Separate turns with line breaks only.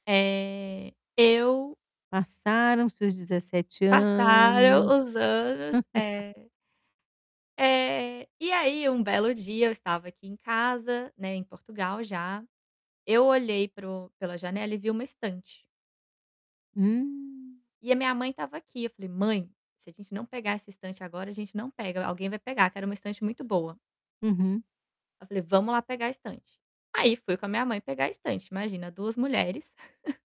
Eh, eu
Passaram seus 17
Passaram os
anos.
anos. É, é. E aí, um belo dia, eu estava aqui em casa, né, em Portugal já, eu olhei para o pela janela e vi uma estante
Hum.
e a minha mãe estava aqui, eu falei: "Mãe, se a gente não pegar essa estante agora, a gente não pega, alguém vai pegar", que era uma estante muito boa.
Uhum.
Eu falei: "Vamos lá pegar a estante". Aí fui com a minha mãe pegar a estante, imagina 2 mulheres.